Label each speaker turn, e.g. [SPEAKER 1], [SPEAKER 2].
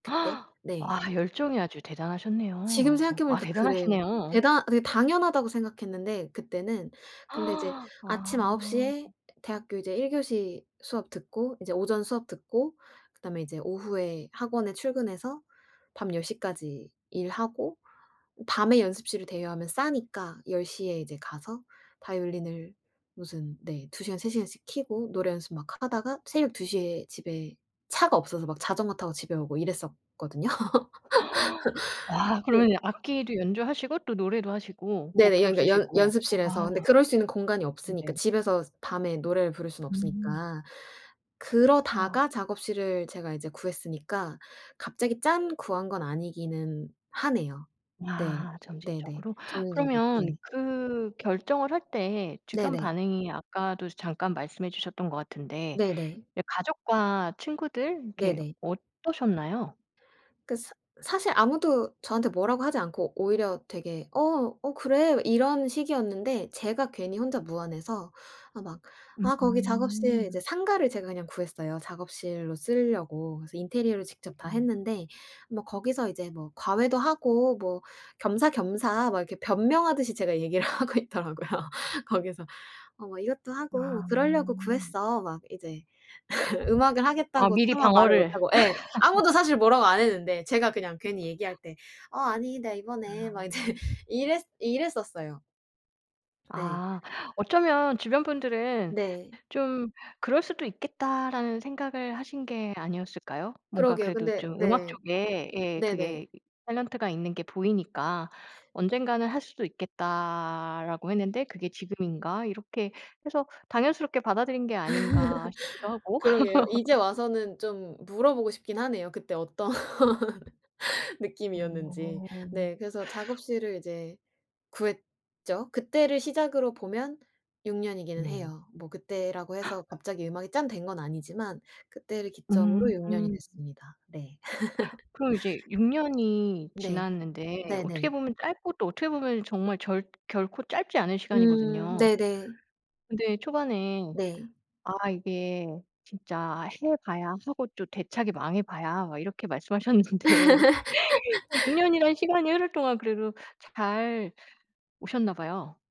[SPEAKER 1] 그때 네.
[SPEAKER 2] 아 열정이 아주
[SPEAKER 1] 지금
[SPEAKER 2] 대단하셨네요.
[SPEAKER 1] 생각해
[SPEAKER 2] 아
[SPEAKER 1] 보니까 그래요.
[SPEAKER 2] 대단하시네요.
[SPEAKER 1] 대단 그게 당연하다고 생각했는데 그때는. 근데 이제 아침 9
[SPEAKER 2] 아.
[SPEAKER 1] 시에 대학교 이제 1 교시 수업 듣고 이제 오전 수업 듣고 그다음에 이제 오후에 학원에 출근해서 밤 10 시까지 일하고 밤에 연습실을 대여하면 싸니까 10 시에 이제 가서 바이올린을 무슨 네, 2 시간 3 시간씩 켜고 노래 연습 막 하다가 새벽 2 시에 집에 차가 없어서 막 자전거 타고 집에 오고 이랬었거든요.
[SPEAKER 2] 와
[SPEAKER 1] 네.
[SPEAKER 2] 그러면 악기도 연주하시고 또 노래도 하시고
[SPEAKER 1] 네네.
[SPEAKER 2] 곡도
[SPEAKER 1] 연 그러니까 연
[SPEAKER 2] 쓰시고.
[SPEAKER 1] 연습실에서.
[SPEAKER 2] 아.
[SPEAKER 1] 근데 그럴 수 있는 공간이 없으니까,
[SPEAKER 2] 네네.
[SPEAKER 1] 집에서 밤에 노래를 부를 수는
[SPEAKER 2] 음.
[SPEAKER 1] 없으니까.
[SPEAKER 2] 와.
[SPEAKER 1] 그러다가 작업실을 제가 이제 구했으니까 갑자기 짠 구한 건 아니기는 하네요. 네.
[SPEAKER 2] 야
[SPEAKER 1] 네네.
[SPEAKER 2] 점진적으로.
[SPEAKER 1] 점진적으로
[SPEAKER 2] 그러면
[SPEAKER 1] 네.
[SPEAKER 2] 그 결정을 할 때 주변
[SPEAKER 1] 네네.
[SPEAKER 2] 반응이 아까도 이제 잠깐 말씀해 주셨던 것 같은데
[SPEAKER 1] 네네.
[SPEAKER 2] 이 가족과 친구들 이렇게
[SPEAKER 1] 네네.
[SPEAKER 2] 어떠셨나요?
[SPEAKER 1] 그 사 사실 아무도 저한테 뭐라고 하지 않고 오히려 되게 "어, 어 그래?" 이런 식이었는데 제가 괜히 혼자 무안해서 아 막 아 거기 작업실 이제
[SPEAKER 2] 으음.
[SPEAKER 1] 상가를 제가 그냥 구했어요. 작업실로 쓰려고. 그래서 인테리어를 직접 다
[SPEAKER 2] 으음.
[SPEAKER 1] 했는데 뭐 거기서 이제 뭐 "과외도 하고 뭐 겸사겸사." 막 이렇게 변명하듯이 제가 얘기를 하고 있더라고요. 거기서 "어 뭐 이것도 하고 뭐
[SPEAKER 2] 아.
[SPEAKER 1] 그러려고 구했어." 막 이제 음악을
[SPEAKER 2] 아
[SPEAKER 1] 하겠다고
[SPEAKER 2] 미리
[SPEAKER 1] 차마 말을
[SPEAKER 2] 방어를
[SPEAKER 1] 못하고 예. 아무도 사실 뭐라고 안 했는데 제가 그냥 괜히 얘기할 때 "어 아니 내가 이번에." 막 이제
[SPEAKER 2] 아.
[SPEAKER 1] 이랬 이랬었어요. 네.
[SPEAKER 2] 아. 어쩌면 주변 분들은
[SPEAKER 1] 네.
[SPEAKER 2] '좀 그럴 수도 있겠다.'라는 생각을 하신 게 아니었을까요? 뭔가
[SPEAKER 1] 그러게요.
[SPEAKER 2] 그래도
[SPEAKER 1] 근데
[SPEAKER 2] 좀 음악
[SPEAKER 1] 네.
[SPEAKER 2] 쪽에 예
[SPEAKER 1] 네네.
[SPEAKER 2] 그게 이 탤런트가 있는 게 보이니까 '언젠가는 할 수도 있겠다.'라고 했는데 '그게 지금인가?' 이렇게 해서 '당연스럽게 받아들인 게 아닌가.' 싶기도 하고.
[SPEAKER 1] 그러게요. 이제 와서는 좀 물어보고 싶긴 하네요. 그때 어떤 느낌이었는지.
[SPEAKER 2] 어.
[SPEAKER 1] 네. 그래서 작업실을 이제 구했죠. 그때를 시작으로 보면 6 년이기는
[SPEAKER 2] 네.
[SPEAKER 1] 해요. 뭐 그때라고 해서 갑자기 음악이 짠 된 건 아니지만 그때를
[SPEAKER 2] 음.
[SPEAKER 1] 기점으로 6 년이 됐습니다. 네.
[SPEAKER 2] 그럼 이제 6 년이
[SPEAKER 1] 네.
[SPEAKER 2] 지났는데 어떻게
[SPEAKER 1] 네네.
[SPEAKER 2] 보면 짧고 또 어떻게 보면 정말 절 결코 짧지 않은
[SPEAKER 1] 음
[SPEAKER 2] 시간이거든요.
[SPEAKER 1] 네네.
[SPEAKER 2] 근데 초반에
[SPEAKER 1] 네.
[SPEAKER 2] 아 이게 "진짜 해 봐야 하고 또 대차게 망해 봐야." 막 이렇게 말씀하셨는데 어 6 년이란 시간이 흐를 동안 그래도 잘 오셨나 봐요.